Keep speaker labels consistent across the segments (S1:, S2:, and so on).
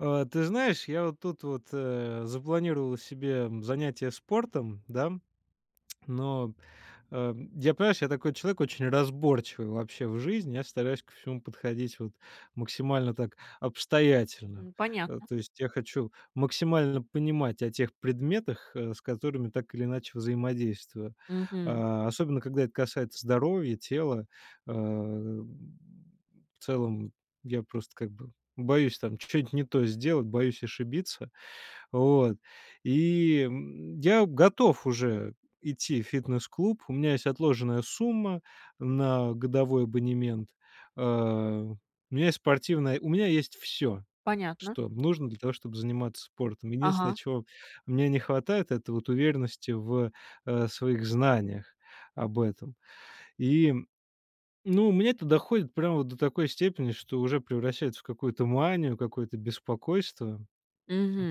S1: А, ты знаешь, я вот тут вот, э, запланировал себе занятие спортом, да. Но, э, я, понимаешь, я такой человек очень разборчивый вообще в жизни. Я стараюсь ко всему подходить вот максимально так обстоятельно.
S2: Мгм,
S1: Э.
S2: понятно.
S1: То есть я хочу максимально понимать о тех предметах, э, с которыми так или иначе взаимодействую.
S2: Мгм.
S1: А, особенно когда это касается здоровья, тела, а, м. В целом я просто как бы боюсь там ч чё-нить не то сделать, боюсь ошибиться, вот, и, м. Я готов уже идти в фитнес-клуб. У меня есть отложенная сумма на годовой абонемент, э. У меня есть спортивная, у меня есть всё,
S2: Понятно.
S1: что нужно для того, чтобы заниматься спортом. Единственное,
S2: Ага.
S1: чего мне не хватает- это вот уверенности в, э, своих знаниях об этом. И, ну, у меня это доходит прямо вот до такой степени, что уже превращается в какую-то манию, какое-то беспокойство.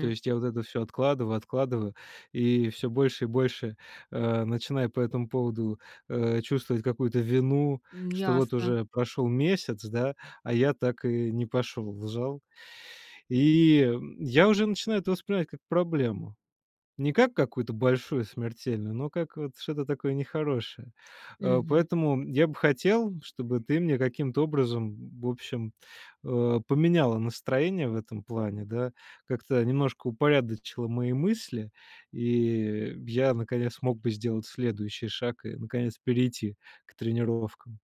S1: То есть я вот это всё откладываю, откладываю и всё больше и больше, э, начинаю по этому поводу, э, чувствовать какую-то вину,
S2: М,
S1: что вот
S2: ясно.
S1: уже прошел месяц, да, а я так и не пошел в зал. И я уже начинаю это воспринимать как проблему. Не как какую-то большую, смертельную, но как вот что-то такое нехорошее, а.
S2: Мгм.
S1: Поэтому я бы хотел, чтобы ты мне каким-то образом в общем, э, поменяла настроение в этом плане, да, как-то немножко упорядочила мои мысли, и я наконец смог бы сделать следующий шаг и наконец перейти к тренировкам.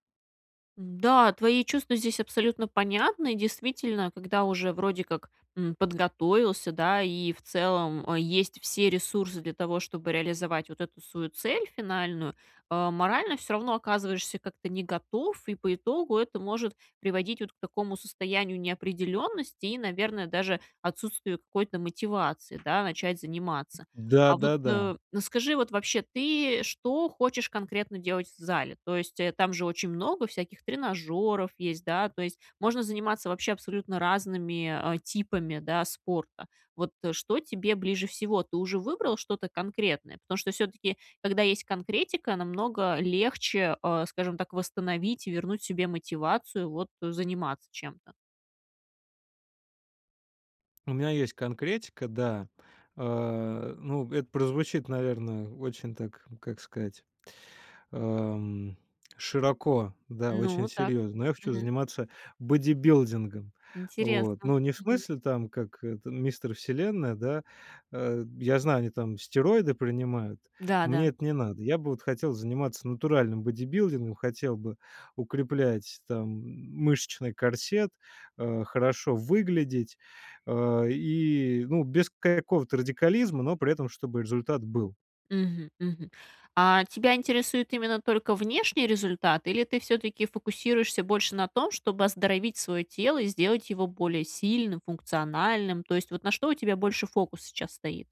S2: Да, твои чувства здесь абсолютно понятны. Действительно, когда уже вроде как, м, подготовился, да. И в целом, э, есть все ресурсы для того, чтобы реализовать вот эту свою цель финальную. А, морально всё равно оказываешься как-то не готов. И по итогу это может приводить вот к такому состоянию неопределенности. И, наверное, даже отсутствию какой-то мотивации, да, начать заниматься. А вот,
S1: Да-да-да.
S2: э, скажи, вот вообще, ты и что хочешь конкретно делать в зале? То есть, э, там же очень много всяких тренажёров есть, да. То есть, можно заниматься вообще абсолютно разными, э, типами, да, спорта. Вот, э, что тебе ближе всего? Ты уже выбрал что-то конкретное? Потому что всё-таки, когда есть конкретика, намного легче, э, скажем так, восстановить, вернуть себе мотивацию, вот, заниматься чем-то.
S1: У меня есть конкретика, да. А, э, ну, это прозвучит, наверное, очень так, как сказать, ам, широко, да, очень
S2: Ну, так.
S1: серьезно. Но я хочу
S2: Мгм.
S1: заниматься бодибилдингом. Вот,
S2: Интересно.
S1: но не в
S2: Мгм.
S1: смысле там, как это, "Мистер Вселенная", да. Э, я знаю, там стероиды принимают.
S2: Да, да.
S1: Мне это не надо. Я бы вот хотел заниматься натуральным бодибилдингом. Хотел бы укреплять там, м, мышечный корсет. А, хорошо выглядеть, а, и, э, ну, без к какого-то радикализма. Но при этом чтобы результат был.
S2: Мгм, мгм. А, тебя интересует именно только внешний результат? Или ты всё-таки фокусируешься больше на том, чтобы оздоровить свое тело и сделать его более сильным, функциональным? То есть, вот на что у тебя больше фокус сейчас стоит?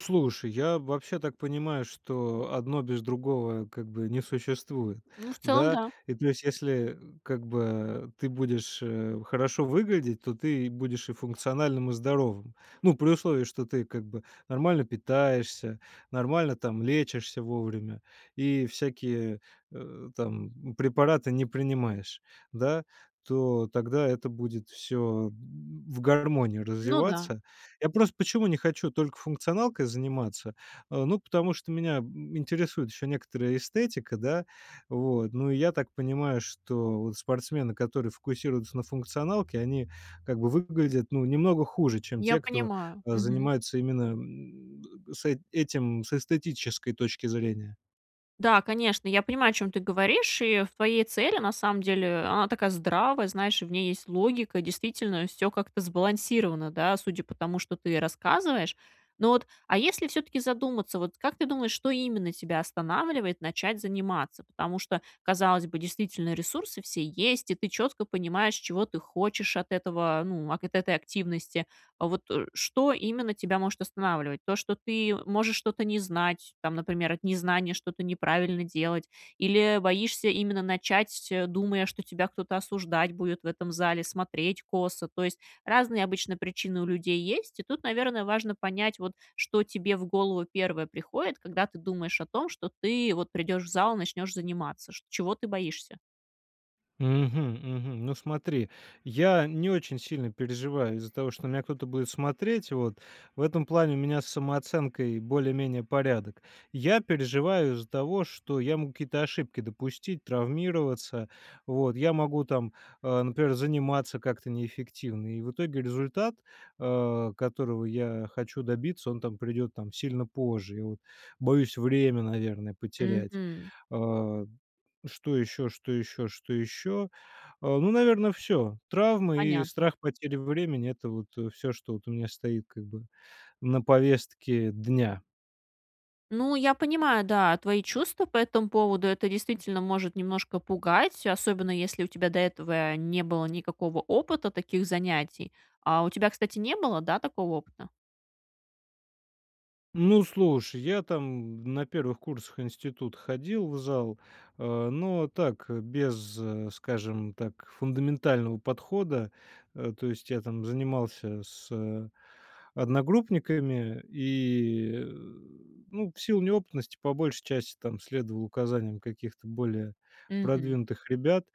S1: Слушай, я вообще так понимаю, что одно без другого, как бы, не существует.
S2: Ну, в целом,
S1: Да?
S2: да.
S1: И плюс если, как бы, ты будешь, э, хорошо выглядеть, то ты и будешь и функциональным, и здоровым. Ну, при условии, что ты, как бы, нормально питаешься, нормально там лечишься вовремя и всякие, э, там, препараты не принимаешь, да? То тогда это будет всё, м, в гармонии
S2: Ну да.
S1: развиваться. Я просто почему не хочу только функционалкой заниматься, а, ну, потому что меня, м, интересует еще некоторая эстетика, да? Вот, ну, и я так понимаю, что, вот, спортсмены, которые фокусируются на функционалке, они, как бы, выглядят, ну, немного хуже, чем
S2: Я
S1: те, кто,
S2: понимаю.
S1: а,
S2: Мгм.
S1: занимается именно, м, с эт этим с эстетической точки зрения.
S2: Да, конечно, я понимаю, о чем ты говоришь. И в твоей цели, на самом деле, она такая здравая, знаешь, и в ней есть логика. Действительно, всё как-то сбалансировано, да, судя по тому, что ты рассказываешь. Но вот, а если всё-таки задуматься, вот, как ты думаешь, что именно тебя останавливает начать заниматься? Потому что, казалось бы, действительно ресурсы все есть, и ты четко понимаешь, чего ты хочешь от этого, ну, акэт этой активности. Вот, э, что именно тебя может останавливать? То, что ты можешь что-то не знать, там, например, от незнания что-то неправильно делать или боишься именно начать, думая, что тебя кто-то осуждать будет в этом зале, смотреть косо? То есть, разные обычно причины у людей есть. И тут, наверное, важно понять, вот, что тебе в голову первое приходит, когда ты думаешь о том, что ты вот придешь в зал и начнешь заниматься. Шт чего ты боишься?
S1: Мгм, мгм. Ну, смотри, я не очень сильно переживаю из-за того, что на меня кто-то будет смотреть, вот. В этом плане у меня с самооценкой более-менее порядок. Я переживаю из-за того, что я мог какие-то ошибки допустить, травмироваться. Вот я могу там, а, например, заниматься как-то неэффективно, и в итоге результат, а, которого я хочу добиться, он там придет, там, сильно позже. И вот. Боюсь время, наверное, потерять.
S2: Мгм.
S1: А, что ещё, что ещё, что ещё? А, ну, наверно, всё. Травмы, и
S2: Понятно.
S1: страх потери времени- это вот, э, всё, что вот у меня стоит, как бы, на повестке дня.
S2: Ну, я понимаю, да, твои чувства по этому поводу. Это действительно может немножко пугать, особенно если у тебя до этого не было никакого опыта таких занятий. А у тебя, кстати, не было, да, такого опыта?
S1: Ну слушай, я там на первых курсах института ходил в зал, а, но так, без, скажем так, фундаментального подхода. А, то есть я там занимался с одногруппниками, и, э, ну, в силу неопытности по большей части там следовал указаниям каких-то более
S2: Мгм.
S1: продвинутых ребят,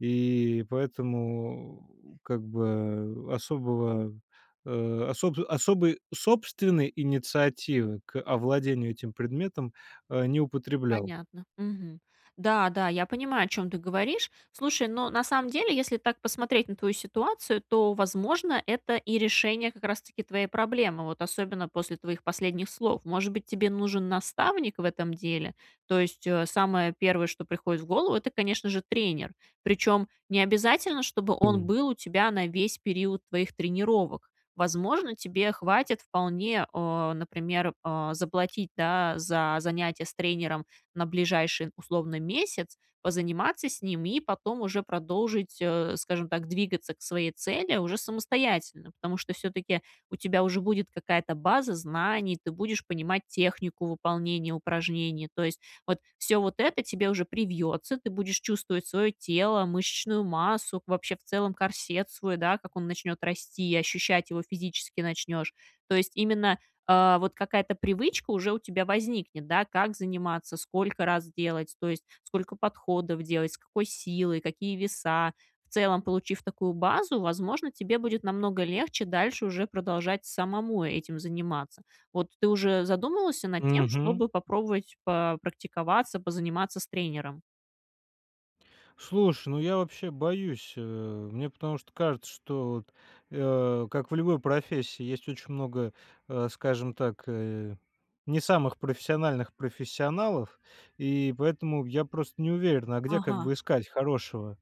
S1: и поэтому как бы особого э, особ особой собственной инициативы к овладению этим предметом, а, не употреблял.
S2: Понятно. Мгм. Да, да, я понимаю, о чем ты говоришь. Слушай, но на самом деле, если так посмотреть на твою ситуацию, то, возможно, это и решение как раз-таки твоей проблемы. Вот особенно после твоих последних слов. Может быть, тебе нужен наставник в этом деле? То есть, э, самое первое, что приходит в голову, это, конечно же, тренер. Причем необязательно, чтобы он
S1: [unintelligible]
S2: был у тебя на весь период твоих тренировок. Возможно, тебе хватит вполне, а, например, а, заплатить, да, за занятие с тренером на ближайший, условно, месяц? Позаниматься с ним и потом уже продолжить, э, скажем так, двигаться к своей цели уже самостоятельно. Потому что всё-таки у тебя уже будет какая-то база знаний, ты будешь понимать технику выполнения упражнений. То есть вот всё вот это тебе уже привьется, ты будешь чувствовать свое тело, мышечную массу, вообще в целом корсет свой, да, как он начнет расти, и ощущать его физически начнешь. То есть именно, а, вот какая-то привычка уже у тебя возникнет, да? Как заниматься, сколько раз делать, то есть сколько подходов делать, с какой силой, какие веса. В целом, получив такую базу, возможно, тебе будет намного легче дальше уже продолжать самому этим заниматься. Вот ты уже задумывался над тем,
S1: Мгм.
S2: чтобы попробовать попрактиковаться, позаниматься с тренером?
S1: Слушай, ну я вообще боюсь, э, мне потому что кажется, что, вот, э, как в любой профессии есть очень много, э, скажем так, э, не самых профессиональных профессионалов. И поэтому я просто не уверен, а где, как
S2: Ага.
S1: бы, искать хорошего?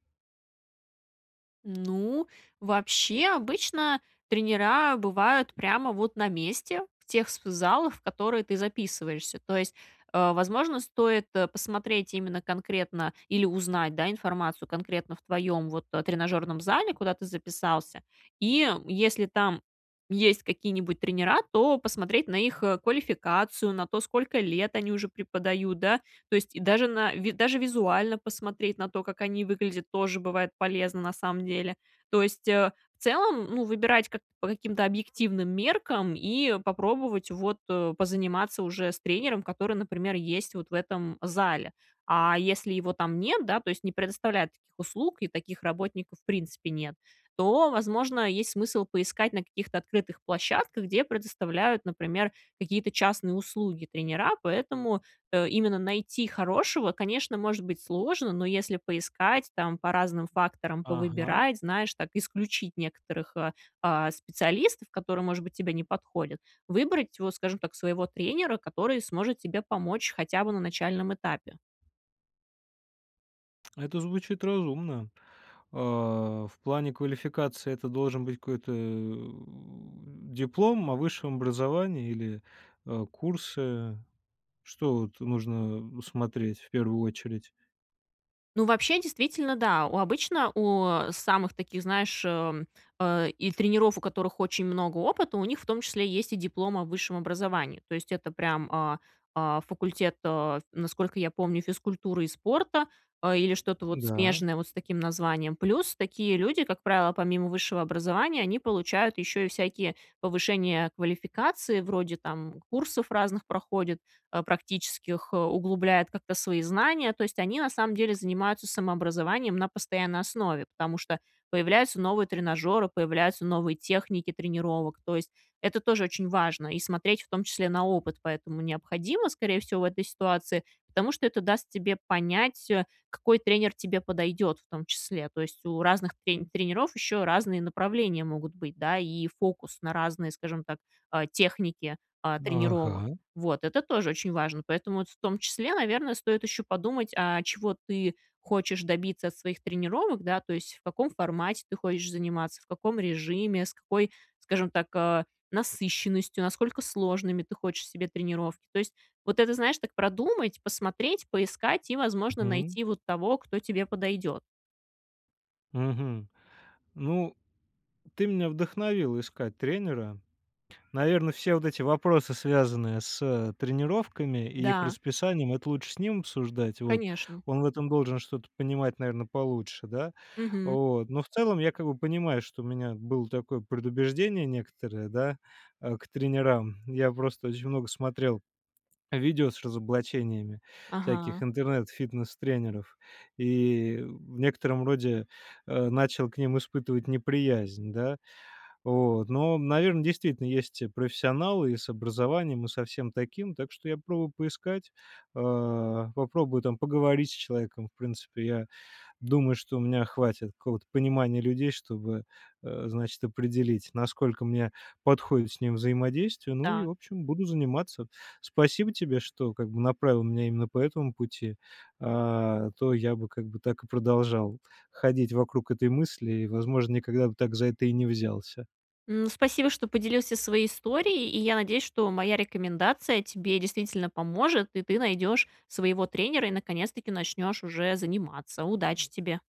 S2: Ну, вообще, обычно тренера бывают прямо, вот, на месте. В тех вс в залах, в которые ты записываешься. То есть, э, возможно, стоит, э, посмотреть именно конкретно, или узнать, да, информацию конкретно в твоем, вот, э, тренажерном зале, куда ты записался. И если там есть какие-нибудь тренера, то посмотреть на их, э, квалификацию, на то, сколько лет они уже преподают, да? То есть даже на ви даже визуально посмотреть на то, как они выглядят, тоже бывает полезно, на самом деле. То есть, э, в целом, ну, выбирать к по каким-то объективным меркам, и попробовать вот позаниматься уже с тренером, который, например, есть вот в этом зале. А если его там нет, да, то есть не предоставляют таких услуг, и таких работников в принципе нет, то, возможно, есть смысл поискать на каких-то открытых площадках, где предоставляют, например, какие-то частные услуги тренера. Поэтому, э, именно найти хорошего, конечно, может быть сложно, но если поискать, там, по разным факторам,
S1: Ага.
S2: повыбирать, знаешь, так, исключить некоторых, а, а, специалистов, которые, может быть, тебе не подходят, выбрать, вот, скажем так, своего тренера, который сможет тебе помочь хотя бы на начальном этапе.
S1: Это звучит разумно. А, в плане квалификации это должен быть какой-то, э, диплом о высшем образовании или, э, курсы? Что, вот, нужно смотреть в первую очередь?
S2: Ну, вообще, действительно, да. У обычно у, а, самых таких, знаешь, э, м, а и тренеров, у которых очень много опыта, у них в том числе есть и диплом о высшем образовании. То есть это прям, а а, факультет, э, насколько я помню, физкультуры и спорта, а, или что-то вот
S1: Да.
S2: смежное вот с таким названием. Плюс такие люди, как правило, помимо высшего образования, они получают ещё и всякие повышения квалификации вроде, там, курсов разных проходят, а, практических, углубляют как-то свои знания. То есть они на самом деле занимаются самообразованием на постоянной основе, потому что появляются новые тренажеры, появляются новые техники тренировок. То есть это тоже очень важно, и смотреть в том числе на опыт поэтому необходимо, скорее всего, в этой ситуации, потому что это даст тебе понять, э, какой тренер тебе подойдет в том числе. То есть у разных трень тренеров еще разные направления могут быть, да? И фокус на разные, скажем так, а, техники, а, тренировок.
S1: Ага.
S2: Вот. Это тоже очень важно. Поэтому вот в том числе, наверное, стоит еще подумать, а чего ты хочешь добиться от своих тренировок, да, то есть в каком формате ты хочешь заниматься, в каком режиме, с какой, скажем так, а, насыщенностью, насколько сложными ты хочешь себе тренировки. То есть вот это, знаешь, так продумать, посмотреть, поискать и, возможно,
S1: Мгм.
S2: найти вот того, кто тебе подойдет.
S1: Мгм. Ну, ты меня вдохновила искать тренера. Наверно, все вот эти вопросы, связанные с тренировками и их
S2: Да.
S1: расписанием, это лучше с ним обсуждать. Вот.
S2: Конечно.
S1: Он в этом должен что-то понимать, наверное, получше, да?
S2: Мгм.
S1: Вот. Но в целом я как бы понимаю, что у меня было такое предубеждение некоторое, да, э, к тренерам. Я просто очень много смотрел видео с разоблачениями всяких
S2: Ага.
S1: интернет-фитнес-тренеров и в некотором роде, а, начал к ним испытывать неприязнь. Да? Вот. Но, наверно, действительно есть и профессионалы, и с образованием, и со всем таким, так что я попробую поискать, а, попробую там поговорить с человеком. В принципе, я думаю, что у меня хватит какого-то понимания людей, чтобы, а, значит, определить, насколько мне подходит с ним взаимодействие, ну и,
S2: Так.
S1: в общем, буду заниматься. Спасибо тебе, что, как бы, направила меня именно по этому пути, а то я бы, как бы, так и продолжал ходить вокруг этой мысли и, возможно, никогда бы так за это и не взялся.
S2: Ну, спасибо, что поделился своей историей, и я надеюсь, что моя рекомендация тебе действительно поможет, и ты найдешь своего тренера и наконец-таки начнешь уже заниматься. Удачи тебе.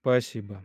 S1: Спасибо.